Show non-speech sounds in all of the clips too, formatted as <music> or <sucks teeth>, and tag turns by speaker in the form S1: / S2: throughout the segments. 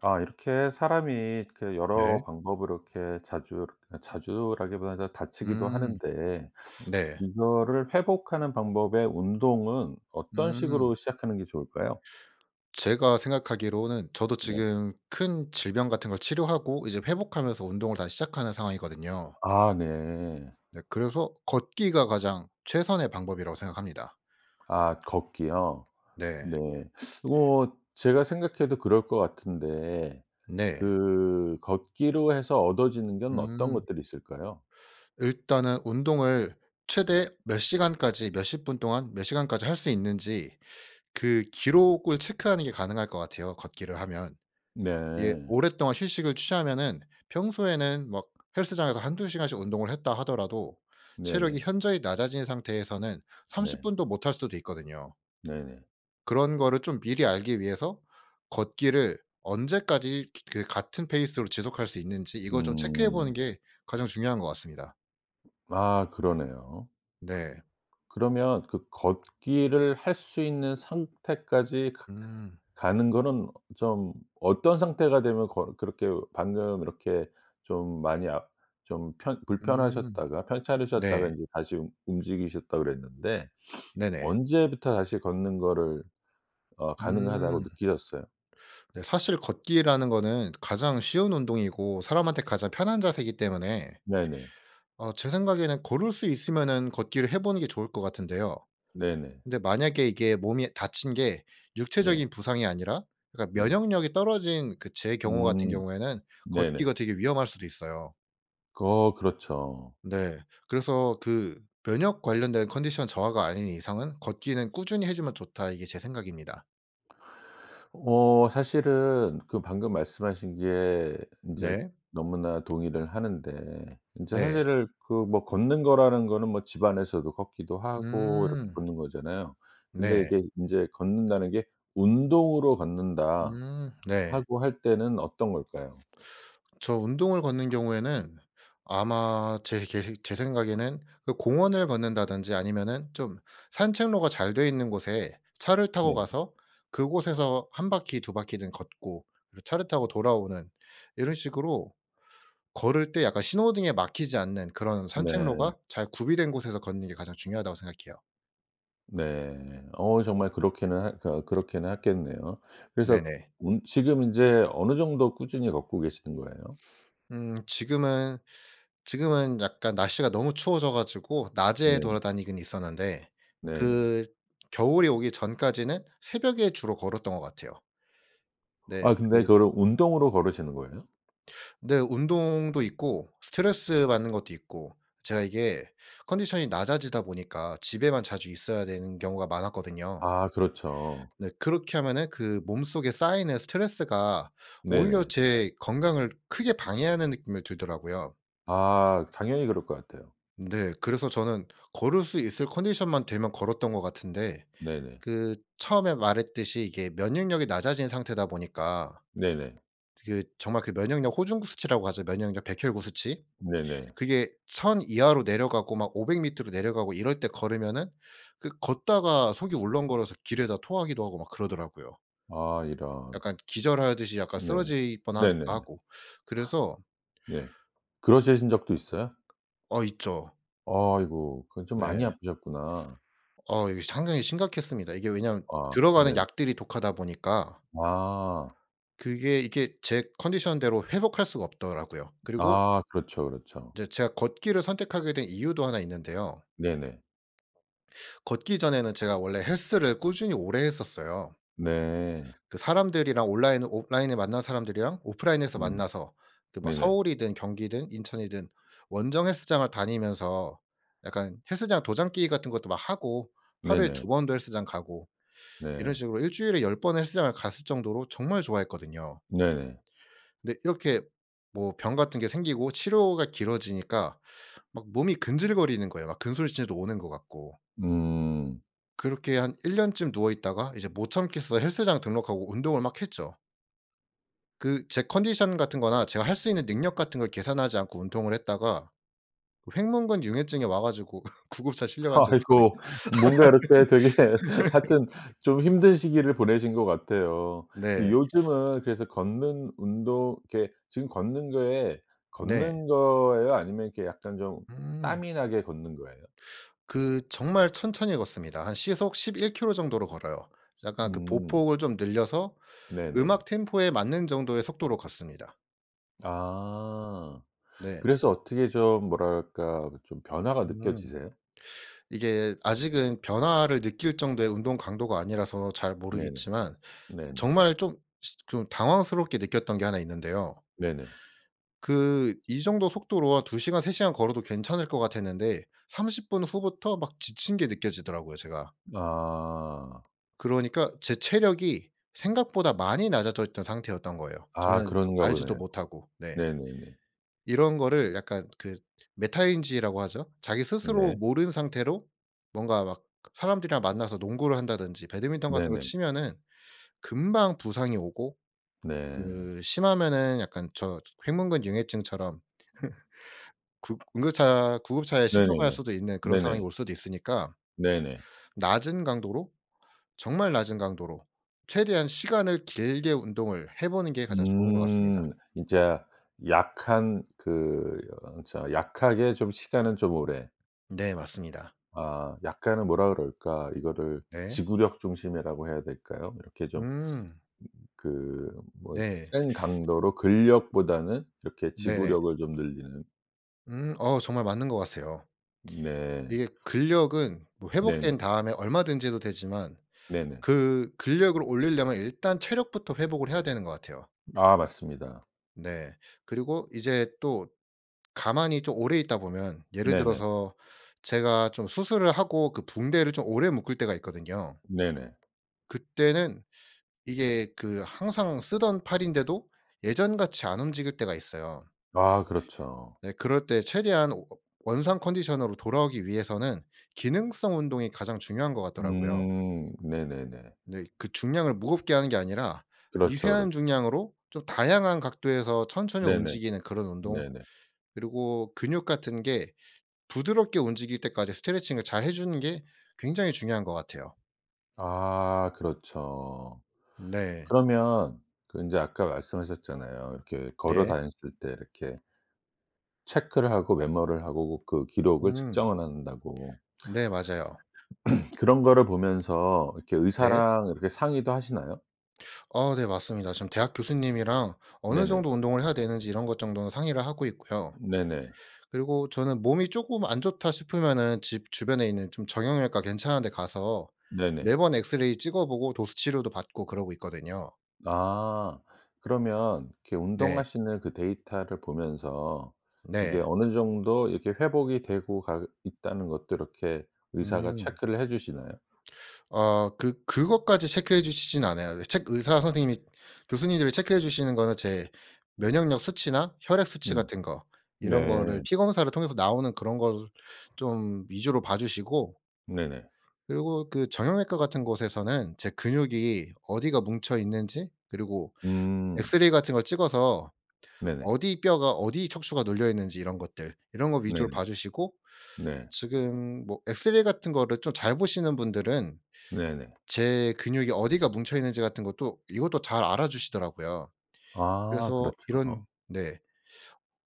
S1: 아 이렇게 사람이 이렇게 그 여러
S2: 네.
S1: 방법으로 이렇게 자주 자주라기보다는 다치기도
S2: 음.
S1: 하는데 <sucks teeth>
S2: 네.
S1: 이거를 회복하는 방법의 운동은 어떤
S2: 음.
S1: 식으로 시작하는 게 좋을까요?
S2: 제가 생각하기로는 저도
S1: 네.
S2: 지금 큰 질병 같은 걸 치료하고 이제 회복하면서 운동을 다시 시작하는 상황이거든요.
S1: 아 네.
S2: 네 그래서 걷기가 가장 최선의 방법이라고 생각합니다.
S1: 아 걷기요?
S2: 네.
S1: 네. <sucks teeth> 뭐 제가 생각해도 그럴 것 같은데
S2: 네.
S1: 그 걷기로 해서 얻어지는 건 어떤
S2: 음.
S1: 것들이 있을까요?
S2: 일단은 운동을 최대 몇 시간까지 몇십 분 동안 몇 시간까지 할 수 있는지 그 기록을 체크하는 게 가능할 것 같아요 걷기를 하면. 예
S1: 네.
S2: 오랫동안 휴식을 취하면은 평소에는 막 헬스장에서 1-2 시간씩 운동을 했다 하더라도 체력이
S1: 네네.
S2: 현저히 낮아진 상태에서는 30
S1: 네.
S2: 분도 못 할 수도 있거든요.
S1: 네네.
S2: 그런 거를 좀 미리 알기 위해서 걷기를 언제까지 기 그 같은 페이스로 지속할 수 있는지 이걸 좀 체크해 보는
S1: 음.
S2: 게 가장 중요한 것 같습니다.
S1: 아. 그러네요.
S2: 네.
S1: 그러면 그 걷기를 할 수 있는 상태까지 가
S2: 음.
S1: 가는 거는 좀 어떤 상태가 되면 걷 그렇게 방금 이렇게 좀 많이 아 좀 편
S2: 음.
S1: 불편하셨다가 편찮으셨다가
S2: 네.
S1: 이제 다시 움 움직이셨다 그랬는데 <sniffs>
S2: 네네.
S1: 언제부터 다시 걷는 거를 어 가능하다고
S2: 음.
S1: 느끼셨어요?
S2: 네. 사실 걷기라는 거는 가장 쉬운 운동이고 사람한테 가장 편한 자세이기 때문에.
S1: 네네.
S2: 어 제 생각에는 걸을 수 있으면은 걷기를 해보는 게 좋을 것 같은데요.
S1: 네네.
S2: 근데 만약에 이게 몸이 다친 게
S1: 네.
S2: 육체적인 부상이 아니라 그러니까
S1: 네.
S2: 면역력이 떨어진 그 제 경우 같은
S1: 음.
S2: 경우에는
S1: 네네.
S2: 걷기가 되게 위험할 수도 있어요.
S1: 거 그렇죠.
S2: 네. 그래서 그 면역 관련된 컨디션 저하가 아닌 이상은 '걷기는 꾸준히 해 주면 좋다.' 이게 제 생각입니다.
S1: 어. 사실은 그 방금 말씀하신 게 인제
S2: 네.
S1: 너무나 동의를 하는데 인제
S2: 네.
S1: 사실은 그 뭐 걷는 거라는 거는 뭐 집 안에서도 걷기도 하고 이렇게
S2: 음.
S1: 걷는 거잖아요. 근데
S2: 네.
S1: 이게 인제 걷는다는 게 "운동으로 걷는다."
S2: 음. 네.
S1: 하고 할 때는 어떤 걸까요?
S2: 저 운동을 걷는 경우에는 아마 제 계식 제 생각에는 그 공원을 걷는다든지 아니면은 좀 산책로가 잘 돼 있는 곳에 차를 타고
S1: 네.
S2: 가서 그곳에서 1 바퀴 2 바퀴든 걷고 그리고 차를 타고 돌아오는 이런 식으로 걸을 때 약간 신호등에 막히지 않는 그런
S1: 네.
S2: 산책로가 잘 구비된 곳에서 걷는 게 가장 중요하다고 생각해요.
S1: 네. 어 정말 그렇기는 하 가 그렇기는 하겠네요. 그래서
S2: 네네.
S1: 운 지금 인제 어느 정도 꾸준히 걷고 계시는 거예요?
S2: 음. 지금은 지금은 약간 날씨가 너무 추워져 가지고 낮에
S1: 네.
S2: 돌아다니긴 있었는데
S1: 네네.
S2: 그 겨울이 오기 전까지는 새벽에 주로 걸었던 것 같아요.
S1: 아
S2: 네.
S1: 근데
S2: 그
S1: 그거를 운동으로 걸으시는 거예요?
S2: 근데 운동도 있고 스트레스 받는 것도 있고 제가 이게 컨디션이 낮아지다 보니까 집에만 자주 있어야 되는 경우가 많았거든요.
S1: 아. 그렇죠.
S2: 네 그렇게 하면은 그 몸속에 쌓이는 스트레스가 오히려
S1: 네네.
S2: 제 건강을 크게 방해하는 느낌을 들더라고요.
S1: 아. 당연히 그럴 것 같아요.
S2: 네. 그래서 저는 걸을 수 있을 컨디션만 되면 걸었던 것 같은데
S1: 네네.
S2: 그 처음에 말했듯이 이게 면역력이 낮아진 상태다 보니까
S1: 네네.
S2: 저기 정말 그 면역력 호중구 수치라고 하죠 면역력 백혈구 수치.
S1: 네네.
S2: 그게 1,000 이하로 내려가고 막 500 밑으로 내려가고 이럴 때 걸으면은 그 걷다가 속이 울렁거려서 길에다 토하기도 하고 막 그러더라고요.
S1: 아. 이런.
S2: 약간 기절하듯이 약간
S1: 네.
S2: 쓰러질
S1: 네네네.
S2: 뻔하기도
S1: <gasps>
S2: 하고. 그래서
S1: 네. 그러시신 적도 있어요?
S2: 어. 있죠.
S1: 아이고. 그건 좀 많이
S2: 네.
S1: 아프셨구나.
S2: 어. 이게 상당히 심각했습니다. 이게 왜냐하면
S1: 아. 네.
S2: 들어가는 약들이 독하다 보니까
S1: 아.
S2: 그게 이게 제 컨디션 대로 회복할 수가 없더라고요. 그리고
S1: 아. 그렇죠, 그렇죠.
S2: 이제 제가 걷기를 선택하게 된 이유도 하나 있는데요.
S1: 네네.
S2: 걷기 전에는 제가 원래 헬스를 꾸준히 오래 했었어요.
S1: 네.
S2: 그 사람들이랑 온라인 온라인에서 만난 사람들이랑 오프라인에서
S1: 음.
S2: 만나서 그 막
S1: 네네.
S2: 서울이든 경기든 인천이든 원정 헬스장을 다니면서 약간 헬스장 도장 깨기 같은 것도 막 하고 하루에
S1: 네네.
S2: 2 번도 헬스장 가고 이런
S1: 네.
S2: 식으로 일주일에 10 번은 헬스장을 갔을 정도로 정말 좋아했거든요.
S1: 네네.
S2: 네. 이렇게 뭐 병 같은 게 생기고 치료가 길어지니까 막 몸이 근질거리는 거예요. 막 근손실도 오는 것 같고.
S1: 음.
S2: 그렇게 한 1 년쯤 누워 있다가 이제 못 참겠어 헬스장 등록하고 운동을 막 했죠. 그 제 컨디션 같은 거나 제가 할 수 있는 능력 같은 걸 계산하지 않고 운동을 했다가 횡문근융해증이 와 가지고 <laughs> 구급차 실려 간 적이
S1: 아이고
S2: 있거든요.
S1: 뭔가 이렇게 되게 하여튼
S2: <laughs>
S1: 좀 힘든 시기를 보내신 것 같아요.
S2: 네.
S1: 요즘은 그래서 걷는 운동 이렇게 지금 걷는 거에
S2: 네.
S1: 걷는 거예요? 아니면 이렇게 약간 좀
S2: 음.
S1: 땀이 나게 걷는 거예요?
S2: 그 정말 천천히 걷습니다. 한 시속 11 킬로미터 정도로 걸어요. 약간 그
S1: 음.
S2: 보폭을 좀 늘려서
S1: 네네.
S2: 음악 템포에 맞는 정도의 속도로 걷습니다.
S1: 아.
S2: 네.
S1: 그래서 어떻게 좀 뭐랄까 좀 변화가
S2: 음.
S1: 느껴지세요?
S2: 이게 아직은 변화를 느낄 정도의 운동 강도가 아니라서 잘
S1: 네네.
S2: 모르겠지만
S1: 네네.
S2: 정말 좀 시 좀 당황스럽게 느꼈던 게 1 있는데요.
S1: 네네.
S2: 그 이 정도 속도로 아 2 시간 3 시간 걸어도 괜찮을 것 같았는데 30 분 후부터 막 지친 게 느껴지더라고요 제가.
S1: 아.
S2: 그러니까 제 체력이 생각보다 많이 낮아져 있던 상태였던 거예요
S1: 아.
S2: 저는
S1: 그런가
S2: 알지도
S1: 보네요.
S2: 못하고. 네.
S1: 네네네.
S2: 이런 거를 약간 그 메타인지라고 하죠. 자기 스스로
S1: 네.
S2: 모른 상태로 뭔가 막 사람들이랑 만나서 농구를 한다든지 배드민턴 같은 거
S1: 네네.
S2: 치면은 금방 부상이 오고
S1: 네.
S2: 그 심하면은 약간 저 횡문근융해증처럼 <laughs> 구 응급차 구급차에 실려 갈
S1: 네네네.
S2: 수도 있는 그런 상황이
S1: 네네.
S2: 올 수도 있으니까
S1: 네네.
S2: 낮은 강도로 정말 낮은 강도로 최대한 시간을 길게 운동을 해 보는 게 가장 좋은 것 같습니다.
S1: 음. 진짜 약한 그 저 약하게 좀 시간은 좀 오래.
S2: 네. 맞습니다.
S1: 아. 약간은 뭐라 그럴까 이거를
S2: 네.
S1: 지구력 중심이라고 해야 될까요? 이렇게 좀 음
S2: 음.
S1: 그 뭐
S2: 네.
S1: 센 강도로 근력보다는 이렇게
S2: 네네.
S1: 지구력을 좀 늘리는.
S2: 음. 어 정말 맞는 것 같아요.
S1: 네.
S2: 이게 근력은 뭐
S1: 네네.
S2: 회복된 다음에 얼마든지 해도 되지만
S1: 네네.
S2: 그 근력을 올리려면 일단 체력부터 회복을 해야 되는 것 같아요.
S1: 아 맞습니다.
S2: 네. 그리고 이제 또 가만히 좀 오래 있다 보면 예를
S1: 네네.
S2: 들어서 제가 좀 수술을 하고 그 붕대를 좀 오래 묶을 때가 있거든요.
S1: 네네.
S2: 그때는 이게 그 항상 쓰던 팔인데도 예전같이 안 움직일 때가 있어요.
S1: 아 그렇죠.
S2: 네. 그럴 때 최대한 워 원상 컨디션으로 돌아오기 위해서는 기능성 운동이 가장 중요한 것 같더라고요.
S1: 음. 네네네.
S2: 네. 그 중량을 무겁게 하는 게 아니라
S1: 그렇죠,
S2: 미세한
S1: 그렇죠.
S2: 중량으로 좀 다양한 각도에서 천천히
S1: 네네.
S2: 움직이는 그런 운동
S1: 네네.
S2: 그리고 근육 같은 게 부드럽게 움직일 때까지 스트레칭을 잘 해 주는 게 굉장히 중요한 것 같아요.
S1: 아 그렇죠.
S2: 네.
S1: 그러면 그 인제 아까 말씀하셨잖아요 이렇게 걸어
S2: 네.
S1: 다녔을 때 이렇게 체크를 하고 메모를 하고 고 그 기록을
S2: 음.
S1: 측정을 한다고.
S2: 네 맞아요.
S1: <clears throat> 그런 거를 보면서 이렇게
S2: 네.
S1: 의사랑 이렇게 상의도 하시나요?
S2: 어 네 맞습니다. 지금 대학 교수님이랑 어느
S1: 네네.
S2: 정도 운동을 해야 되는지 이런 것 정도는 상의를 하고 있고요.
S1: 네네.
S2: 그리고 저는 몸이 쪼끔 안 좋다 싶으면은 집 주변에 있는 좀 정형외과 괜찮은 데 가서
S1: 네네.
S2: 매번 엑스레이 찍어 보고 도수 치료도 받고 그러고 있거든요.
S1: 아 그러면 이렇게
S2: 네.
S1: 운동하시는 그 데이터를 보면서 이게
S2: 네.
S1: 어느 정도 이렇게 회복이 되고 가 있다는 것도 이렇게 의사가
S2: 음.
S1: 체크를 해 주시나요?
S2: 어 그 그것까지 체크해 주시진 않아요. 첵 의사 선생님이 교수님들이 체크해 주시는 거는 제 면역력 수치나 혈액 수치
S1: 음.
S2: 같은 거 이런 거를
S1: 네.
S2: 피 검사를 통해서 나오는 그런 거를 좀 위주로 봐 주시고
S1: 네네.
S2: 그리고 그 정형외과 같은 곳에서는 제 근육이 어디가 뭉쳐 있는지 그리고
S1: 음.
S2: 엑스레이 같은 걸 찍어서
S1: 네네.
S2: 어디 뼈가 어디 척추가 눌려 있는지 이런 것들 이런 거 위주로
S1: 네네.
S2: 봐 주시고
S1: 네.
S2: 지금 뭐 엑스레이 같은 거를 좀 잘 보시는 분들은
S1: 네네.
S2: 제 근육이 어디가 뭉쳐 있는지 같은 것도 이것도 잘 알아주시더라고요.
S1: 아
S2: 그래서
S1: 그렇죠.
S2: 이런 네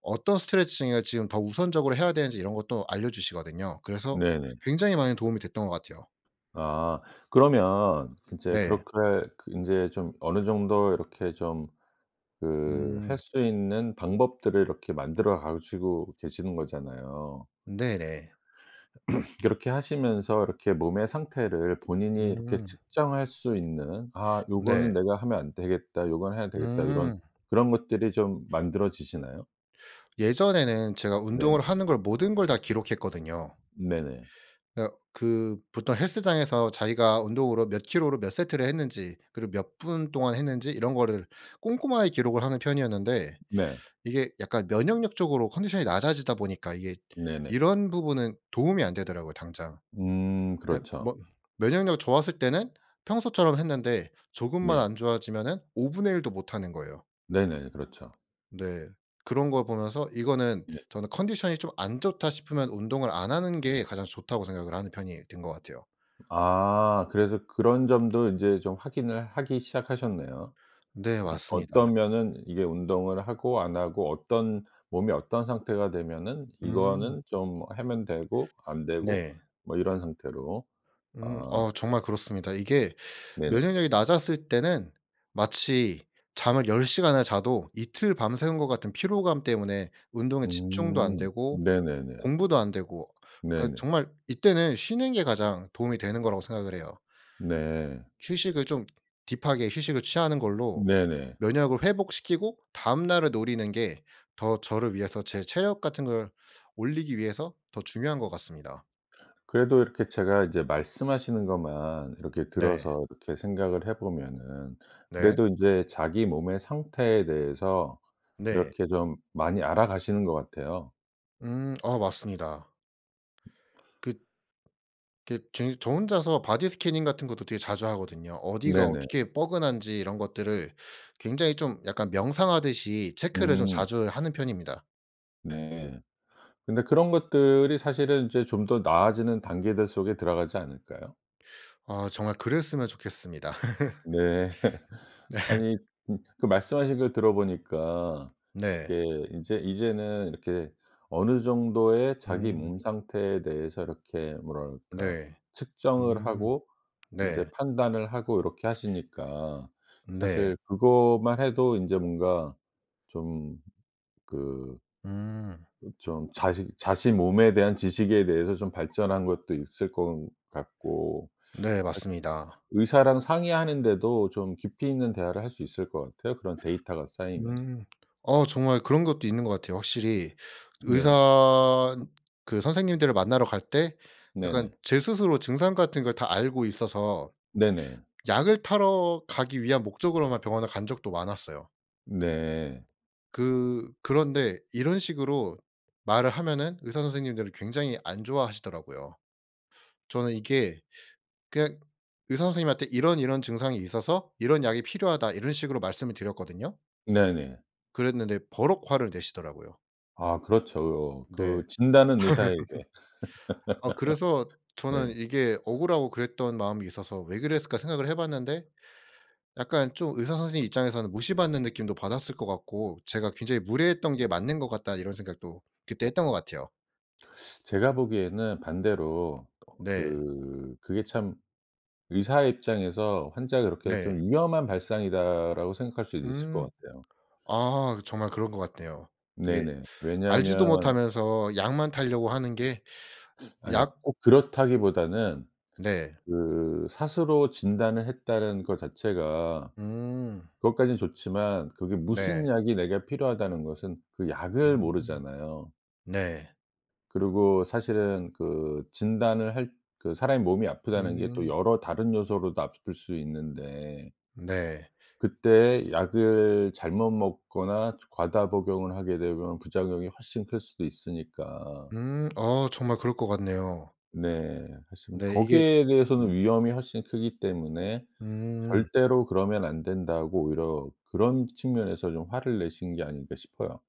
S2: 어떤 스트레칭을 지금 더 우선적으로 해야 되는지 이런 것도 알려 주시거든요. 그래서
S1: 네네.
S2: 굉장히 많은 도움이 됐던 것 같아요.
S1: 아. 그러면 이제
S2: 네.
S1: 그렇게 그 인제 좀 어느 정도 이렇게 좀 그 할
S2: 음.
S1: 수 있는 방법들을 이렇게 만들어 가시고 계시는 거잖아요.
S2: 네네.
S1: <clears throat> 그렇게 하시면서 이렇게 몸의 상태를 본인이 이렇게
S2: 음.
S1: 측정할 수 있는 '아 요거는
S2: 네.
S1: 내가 하면 안 되겠다. 요건 해야 되겠다.' 요런
S2: 음.
S1: 그런 것들이 좀 만들어지시나요?
S2: 예전에는 제가
S1: 네.
S2: 운동을 하는 걸 모든 걸 다 기록했거든요.
S1: 네네.
S2: 어 그 보통 헬스장에서 자기가 운동으로 몇 킬로로 몇 세트를 했는지 그리고 몇 분 동안 했는지 이런 거를 꼼꼼하게 기록을 하는 편이었는데
S1: 네.
S2: 이게 약간 면역력적으로 컨디션이 낮아지다 보니까 이게
S1: 네네.
S2: 이런 부분은 도움이 안 되더라고요 당장.
S1: 음.
S2: 예
S1: 그렇죠.
S2: 뭐 면역력 좋았을 때는 평소처럼 했는데 조금만
S1: 네.
S2: 안 좋아지면은 5 분의 1 도 못하는 거예요.
S1: 네네. 그렇죠.
S2: 네. 그런 걸 보면서 이거는
S1: 예.
S2: 저는 컨디션이 좀 안 좋다 싶으면 운동을 '안 하는 게 가장 좋다.'고 생각을 하는 편이 된 거 같아요.
S1: 아. 그래서 그런 점도 인제 좀 확인을 하기 시작하셨네요.
S2: 네
S1: 이
S2: 맞습니다.
S1: 어떤 면은 이게 운동을 하고 안 하고 어떤 몸이 어떤 상태가 되면은
S2: 음.
S1: 이거는 좀 하면 되고 안 되고
S2: 네.
S1: 뭐 이런 상태로
S2: 음
S1: 어.
S2: 어 정말 그렇습니다. 이게
S1: 네네.
S2: 면역력이 낮았을 때는 마치 잠을 10 시간을 자도 이틀 밤새운 것 같은 피로감 때문에 운동에 집중도 안
S1: 음.
S2: 되고
S1: 네네네.
S2: 공부도 안 되고. 그러니까
S1: 네네.
S2: 정말 이때는 쉬는 게 가장 도움이 되는 거라고 생각을 해요.
S1: 네.
S2: 휴식을 좀 딥하게 휴식을 취하는 걸로
S1: 네네.
S2: 면역을 회복시키고 다음 날을 노리는 게 더 저를 위해서 제 체력 같은 걸 올리기 위해서 더 중요한 것 같습니다.
S1: 그래도 이렇게 제가 이제 말씀하시는 것만 이렇게
S2: 네.
S1: 들어서 이렇게 생각을 해 보면은
S2: 네.
S1: 그래도 인제 자기 몸의 상태에 대해서
S2: 네.
S1: 이렇게 좀 많이 알아가시는 것 같아요.
S2: 음 아 맞습니다. 그 이렇게 저 이 저 혼자서 바디 스캐닝 같은 것도 되게 자주 하거든요. 어디가
S1: 네네.
S2: 어떻게 뻐근한지 이런 것들을 굉장히 좀 약간 명상하듯이 체크를 좀
S1: 음.
S2: 자주 하는 편입니다.
S1: 네. 근데 그런 것들이 사실은 이제 좀 더 나아지는 단계들 속에 들어가지 않을까요?
S2: 아 정말 그랬으면 좋겠습니다.
S1: 네.
S2: <laughs>
S1: <laughs>
S2: 네.
S1: 아니 음 그 말씀하신 걸 들어 보니까
S2: 네.
S1: 이게 인제 이제는 이렇게 어느 정도의 자기
S2: 음.
S1: 몸 상태에 대해서 이렇게 뭐라 그럴까
S2: 네.
S1: 측정을
S2: 음.
S1: 하고
S2: 네.
S1: 인제 판단을 하고 요렇게 하시니까
S2: 네.
S1: 사실 그거만 해도 인제 뭔가 좀 그
S2: 음.
S1: 어 좀 자식 자신 몸에 대한 지식에 대해서 좀 발전한 것도 있을 건 같고
S2: 네
S1: 사실
S2: 맞습니다.
S1: 의사랑 상의하는 데도 좀 깊이 있는 대화를 할 수 있을 것 같아요 그런 데이터가 쌓이면은.
S2: 음. 어 정말 그런 것도 있는 것 같아요 확실히. 저
S1: 네.
S2: 의사 그 선생님들을 만나러 갈 때
S1: 네네.
S2: 약간 제 스스로 증상 같은 걸 다 알고 있어서
S1: 네네.
S2: 약을 타러 가기 위한 목적으로만 병원을 간 적도 많았어요.
S1: 네.
S2: 그 그런데 이런 식으로 말을 하면은 의사 선생님들이 굉장히 안 좋아하시더라고요. 저는 이게 그냥 의사 선생님한테 "이런, 이런 증상이 있어서 이런 약이 필요하다." 이런 식으로 말씀을 드렸거든요.
S1: 네네.
S2: 그랬는데 버럭 화를 내시더라고요.
S1: 아 그렇죠.
S2: 네.
S1: 그 "진단은 의사에게."
S2: <laughs> 아 그래서
S1: <laughs>
S2: 저는
S1: 네.
S2: 이게 억울하고 그랬던 마음이 있어서 '왜 그랬을까?' 생각을 해봤는데 약간 좀 의사 선생님 입장에서는 무시받는 느낌도 받았을 것 같고 제가 '굉장히 무례했던 게 맞는 것 같다.' 이런 생각도 그때 했던 거 같아요.
S1: 제가 보기에는 반대로 거
S2: 네.
S1: 그 그게 참 의사의 입장에서 환자를 그렇게 좀
S2: 네.
S1: '위험한 발상이다.'라고 생각할 수도 있을
S2: 음.
S1: 것 같아요.
S2: 아 그 정말 그런 것 같네요. 예.
S1: 네네.
S2: 알지도
S1: 왜냐하면
S2: 못하면서 약만 타려고 하는 게
S1: 아니요
S2: 약
S1: 꼭 그렇다기보다는
S2: 네.
S1: 그 스스로 진단을 했다라는 거 자체가
S2: 음.
S1: 그것까지는 좋지만 그게 "무슨
S2: 네.
S1: 약이 내가 필요하다."는 것은 그 약을
S2: 음.
S1: 모르잖아요.
S2: 네.
S1: 그리고 사실은 그 진단을 할 그 사람의 몸이 아프다는 게 또
S2: 음.
S1: 여러 다른 요소로도 아플 수 있는데
S2: 네.
S1: 그때에 약을 잘못 먹거나 저 과다 복용을 하게 되면 부작용이 훨씬 클 수도 있으니까
S2: 음 어 정말 그럴 것 같네요.
S1: 네. 그래서 뭐
S2: 네 이게
S1: 거기에
S2: 음.
S1: 대해서는 위험이 훨씬 크기 때문에
S2: 음.
S1: 절대로 그러면 안 된다고 오히려 그런 측면에서 좀 화를 내신 게 아닌가 싶어요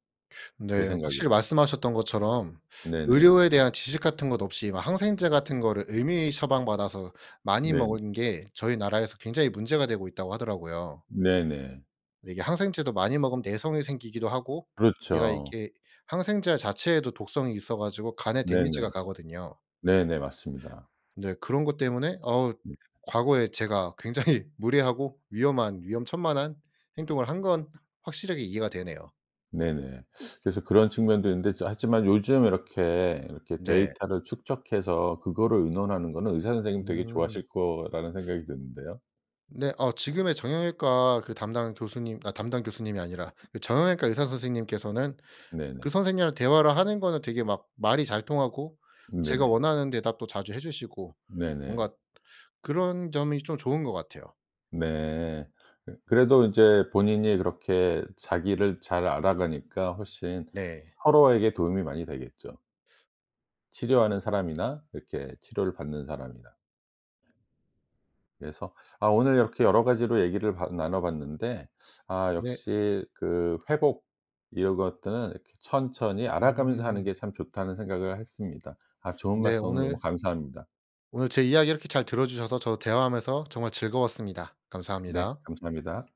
S1: 제
S2: 네.
S1: 생각에.
S2: 확실히 말씀하셨던 것처럼
S1: 네네.
S2: 의료에 대한 지식 같은 것 없이 막 항생제 같은 거를 임의 처방받아서 많이
S1: 네네.
S2: 먹은 게 저희 나라에서 "굉장히 문제가 되고 있다."고 하더라고요.
S1: 네네.
S2: 네 이게 항생제도 많이 먹으면 내성이 생기기도 하고 얘가
S1: 그렇죠.
S2: 이렇게 항생제 자체에도 독성이 있어 가지고 간에 데미지가
S1: 네네.
S2: 가거든요.
S1: 네네. 맞습니다.
S2: 네 그런 거 때문에 어
S1: 예.
S2: 과거에 제가 굉장히 무례하고 위험한 위험천만한 행동을 한 건 확실하게 이해가 되네요.
S1: 네네. 그래서 그런 측면도 있는데 즈 하지만 요즘 이렇게 이렇게
S2: 네.
S1: 데이터를 축적해서 그거를 의논하는 거는 의사 선생님 되게
S2: 음.
S1: 좋아하실 거라는 생각이 드는데요.
S2: 네 어 지금의 정형외과 그 담당 교수님 아 담당 교수님이 아니라 그 정형외과 의사 선생님께서는 그
S1: 네네.
S2: 선생님이랑 대화를 하는 거는 되게 막 말이 잘 통하고
S1: 음
S2: 제가
S1: 네네.
S2: 원하는 대답도 자주 해 주시고 뭔가
S1: 네네.
S2: 그런 점이 좀 좋은 것 같아요.
S1: 네. 어 그래도 인제 본인이 그렇게 자기를 잘 알아가니까 훨씬
S2: 네.
S1: 서로에게 도움이 많이 되겠죠. 치료하는 사람이나 이렇게 치료를 받는 사람이나. 그래서 아 오늘 이렇게 여러 가지로 얘기를 바 나눠 봤는데 아
S2: 네.
S1: 역시 그 회복 이런 것들은 이렇게 '천천히 알아가면서 하는
S2: 음.
S1: 게 참 좋다.'는 생각을 했습니다. 아 좋은
S2: 네
S1: 말씀 오늘 너무
S2: 오늘
S1: 감사합니다.
S2: 오늘 제 이야기를 이렇게 잘 들어 주셔서 저도 대화하면서 정말 즐거웠습니다.
S1: 네
S2: 감사합니다.
S1: 감사합니다.